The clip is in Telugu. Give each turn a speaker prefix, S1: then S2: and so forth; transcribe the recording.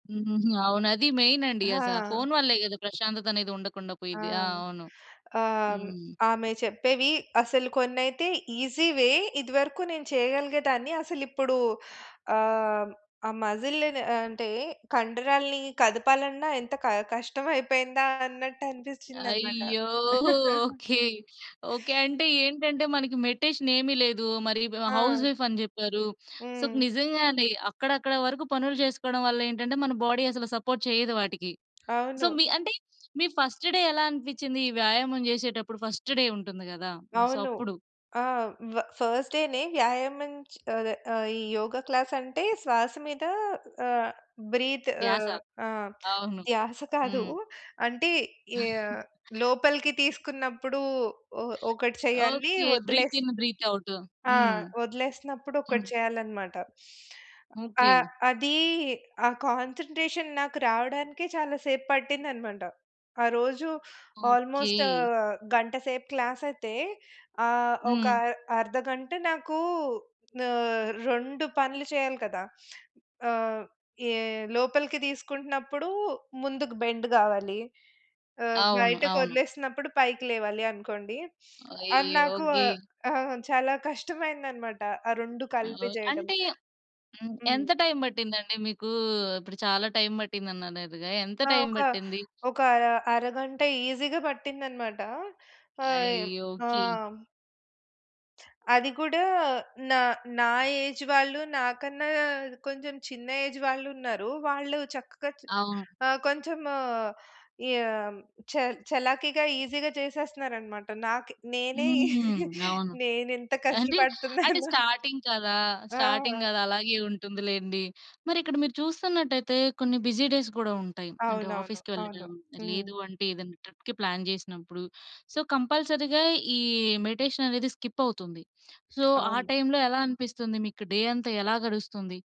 S1: హుహుహు. అవును. అది మెయిన్ అండి అసలా.
S2: ఆ!
S1: ఫోన్ వల్లే కదా! ప్రశాంతతనేది ఉండకుండా
S2: ఆ!
S1: పోయిద్ది. ఆ! అవును.
S2: ఆహ్, హ్మ్,
S1: హ్మ్.
S2: ఆమె చెప్పేవి అసలు కొన్నైతే ఈజీవే. ఇదివరకు నేను చేయగలిగేదాన్ని. అసలిప్పుడు ఆహ్, హ్మ్, ఆ మజిల్‌ న్ అంటే, కండరాల్ని కదపాలన్నా ఎంత క కష్టం అయిపోయిందా అన్నట్టు అనిపించిందన్నమాట.
S1: అయ్యో! ఓకే. ఓకే. అంటే ఏంటంటే, మనకి మెడిటేషన్ ఏమి లేదు. మరి బ హౌస్
S2: ఆ!
S1: వైఫ్ అని చెప్పారు. సో, క్
S2: హ్మ్.
S1: నిజంగానే అక్కడక్కడ వరకు పనులు చేసుకోవడం వల్ల ఏంటంటే, మన బాడీ అసలు సపోర్ట్ చేయదు వాటికి. సో,
S2: అవును.
S1: మీ అంటే మీ ఫస్ట్ డే ఎలా అనిపించింది ఈ వ్యాయామం చేసేటప్పుడు ఫస్ట్ డే ఉంటుంది కదా! సో,
S2: అవును.
S1: అప్పుడు?
S2: ఆ! వ ఫస్ట్ డేనే వ్యాయామం చ్ అదే ఆహ్, ఈ యోగ క్లాస్ అంటే శ్వాస మీద ఆహ్, బ్రీత్
S1: ధ్యాస.
S2: ఆహ్, ఆ!
S1: అవును.
S2: ధ్యాస కాదు.
S1: హ్మ్.
S2: అంటే యా లోపలికి తీసుకున్నప్పుడు, ఒ ఒకటి చేయాలి.
S1: ఓకే.
S2: వదిలేసి
S1: బ్రీతిన్, బ్రీత్ అవుటు
S2: ఆ!
S1: హ్మ్.
S2: వదిలేసినప్పుడు ఒకటి
S1: హ్మ్.
S2: చేయాలన్నమాట.
S1: ఓకే.
S2: ఆహ్, అది ఆ కాన్సంట్రేషన్ నాకు రావడానికే చాలా సేపు పట్టిందన్నమాట. ఆ రోజు
S1: ఓకే.
S2: ఆల్‌మోస్ట్ ఆహ్, గంట సేపు క్లాసయితే ఆహ్, ఒక
S1: హ్మ్.
S2: అర్ అర్ధగంట నాకు ఆహ్, 2 పనులు చేయాలి కదా! ఆహ్, యే లోపలికి తీసుకుంటున్నప్పుడు ముందుకు బెండ్ కావాలి. ఆహ్,
S1: అవును. అవును.
S2: బయటకొదిలేసినప్పుడు పైకి లేవాలి అనుకోండి. అది
S1: అయ్యో!
S2: నాకు
S1: గే
S2: ఆహ్, ఆహ్, చాలా కష్టమైందనమాట ఆ 2
S1: అవ్
S2: కలిపి చేయడం.
S1: అంటే హ్మ్, ఎంత
S2: హ్మ్.
S1: టైమ్ పట్టిందండి మీకు? ఇప్పుడు చాలా టైమ్ పట్టిందనన్నారుగా. ఎంత
S2: ఆ!
S1: టైమ్
S2: ఒక
S1: పట్టింది?
S2: ఒక అర అరగంట ఈజీగా పట్టిందన్నమాట. హాయమ్
S1: అయ్యో!
S2: ఆ!
S1: ఓకె.
S2: హ్మ్. అది కూడా నా నా ఏజ్ వాళ్ళు, నాకన్నా కొంచెం చిన్న ఏజ్ వాళ్ళున్నారు. వాళ్ళు చక్కగా చ్
S1: అవును.
S2: ఆ! కొంచెం ఈ ఆహ్, హ్మ్, చల్ చలాకీగా ఈజీగా చేసేస్తన్నారన్నమాట. నాకి నేనే
S1: హ్మ్. అవును.
S2: నేనెంత
S1: అంటే, అంటే
S2: కష్టపడుతున్నానో.
S1: స్టార్టింగ్ కదా! స్టార్టింగ్
S2: ఆ!
S1: కదా! అలాగే ఉంటుంది లేండి. మరిక్కడ మీరు చూస్తున్నట్టయితే కొన్ని బిజీ డేస్ కూడా ఉంటాయి. అంటే
S2: అవునవును.
S1: ఆఫీస్‌కి
S2: అవును.
S1: వెళ్ళడం,
S2: హ్మ్.
S1: లేదు అంటే ఏదైనా ట్రిప్‌కి ప్లాన్ చేసినప్పుడు, సో, కంపల్సరీ‌గా ఈ మెడిటేషన్ అనేది స్కిప్ అవుతుంది. సో, ఆ
S2: అవును.
S1: టైమ్‌లో ఎలా అనిపిస్తుంది మీకు? డే అంతా ఎలా గడుస్తుంది?